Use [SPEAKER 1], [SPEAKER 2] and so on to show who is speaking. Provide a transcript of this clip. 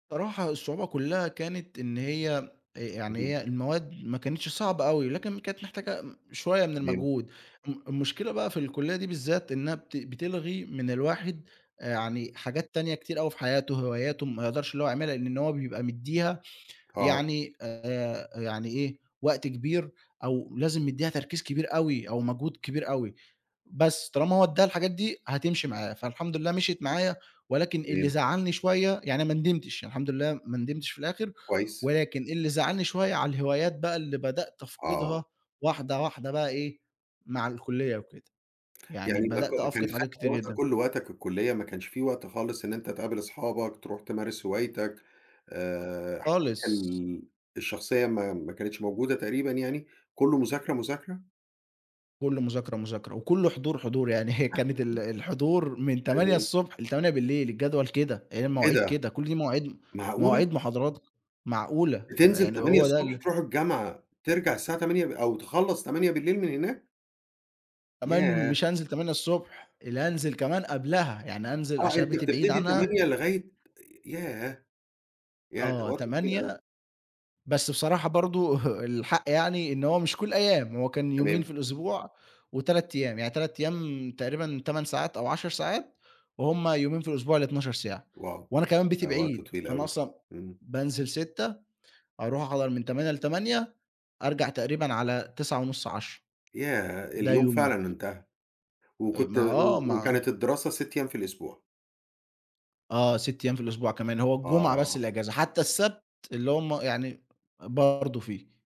[SPEAKER 1] صراحة الصعوبة كلّها كانت إن هي يعني
[SPEAKER 2] اهم.
[SPEAKER 1] هي المواد ما كانتش صعبة أوي، لكن كانت محتاجة شوية من
[SPEAKER 2] تمام.
[SPEAKER 1] المجهود م المشكلة بقى في الكلية دي بالذات، إنها بت بتلغي من الواحد يعني حاجات تانية كتير أوي في حياتُه، وهواياته ما يقدرش اللي هو يعملها لإن إن هو بيبقى مدّيها
[SPEAKER 2] آه.
[SPEAKER 1] يعني آآ، يعني إيه، وقت كبير أو لازم يدّيها تركيز كبير أوي، أو مجهود كبير أوي، بس طالما هو ادّاها الحاجات دي هتمشي معاه، فالحمد لله مشيت معايا ولكن اللي
[SPEAKER 2] تمام.
[SPEAKER 1] زعّلني شوية، يعني ما ندمتش، يعني الحمد لله ما ندمتش في الآخر،
[SPEAKER 2] كويس.
[SPEAKER 1] ولكن اللي زعّلني شوية على الهوايات بقى اللي بدأت
[SPEAKER 2] آه.
[SPEAKER 1] أفقدها واحدة، واحدة بقى إيه مع الكلية وكده، يعني
[SPEAKER 2] يعني ما ك
[SPEAKER 1] بدأت
[SPEAKER 2] كان
[SPEAKER 1] أفقد
[SPEAKER 2] خد
[SPEAKER 1] حاجات كتير
[SPEAKER 2] وقتك
[SPEAKER 1] جدًا.
[SPEAKER 2] كلّه، وقتك الكلية ما كانش في وقت خالص إن أنت تقابل أصحابك، تروح تمارس هوايتك آآ، حياتك
[SPEAKER 1] خالص.
[SPEAKER 2] ال الشخصية ما ما كانتش موجودة تقريبًا يعني، كلّه مذاكرة، مذاكرة؟
[SPEAKER 1] كلّه مذاكرة، مذاكرة وكلّه حضور، حضور يعني هي كانت ال
[SPEAKER 2] [unintelligible]
[SPEAKER 1] الحضور من تمانية
[SPEAKER 2] تمام.
[SPEAKER 1] الصبح ل20:00 الجدول كده، هي
[SPEAKER 2] إيه
[SPEAKER 1] المواعيد
[SPEAKER 2] ده؟
[SPEAKER 1] كده، كل دي مواعيد
[SPEAKER 2] معقولة؟!
[SPEAKER 1] مواعيد محاضرات معقولة،
[SPEAKER 2] بتنزل
[SPEAKER 1] يعني
[SPEAKER 2] تمانية
[SPEAKER 1] هو ده
[SPEAKER 2] الصبح
[SPEAKER 1] ال
[SPEAKER 2] تروح الجامعة، ترجع الساعة 20:00 ب أو تخلّص 20:00 من هناك؟
[SPEAKER 1] كمان
[SPEAKER 2] ياه!
[SPEAKER 1] مش هانزل 8:00 ص، لا أنزل كمان قبلها، يعني أنزل
[SPEAKER 2] آه،
[SPEAKER 1] عشان
[SPEAKER 2] أنت
[SPEAKER 1] بيتي بعيد
[SPEAKER 2] بتبتدي
[SPEAKER 1] عنها.
[SPEAKER 2] 08:00 لغاية ياه! ياه! ده
[SPEAKER 1] آه،
[SPEAKER 2] وقت طويل أوي.
[SPEAKER 1] 08:00 بس بصراحة برضه الحق يعني، إن هو مش كل الأيام، هو كان يومين في
[SPEAKER 2] تمام.
[SPEAKER 1] الأسبوع و3 أيام، يعني 3 أيام تقريبًا 8 ساعات أو 10 ساعات، وهم يومين في الأسبوع اللي 12 ساعة.
[SPEAKER 2] واو!
[SPEAKER 1] وأنا كمان
[SPEAKER 2] ده
[SPEAKER 1] بيتي
[SPEAKER 2] وقت
[SPEAKER 1] بعيد،
[SPEAKER 2] طويل
[SPEAKER 1] فأنا
[SPEAKER 2] أوي،
[SPEAKER 1] أصلًا
[SPEAKER 2] امم.
[SPEAKER 1] بانزل 06:00 أروح أحضر من 08:00 ل20:00 أرجع تقريبًا على 21:30 22:00،
[SPEAKER 2] ياه!
[SPEAKER 1] ده
[SPEAKER 2] اليوم
[SPEAKER 1] يومي.
[SPEAKER 2] فعلًا انتهى،
[SPEAKER 1] أ
[SPEAKER 2] وكنت
[SPEAKER 1] ما آه،
[SPEAKER 2] و
[SPEAKER 1] مع
[SPEAKER 2] وكانت الدراسة 6 أيام في الأسبوع.
[SPEAKER 1] آه، 6 أيام في الأسبوع كمان، هو الجمعة بس
[SPEAKER 2] آه.
[SPEAKER 1] اللي أجازة، حتى السبت اللي هم يعني برضه فيه.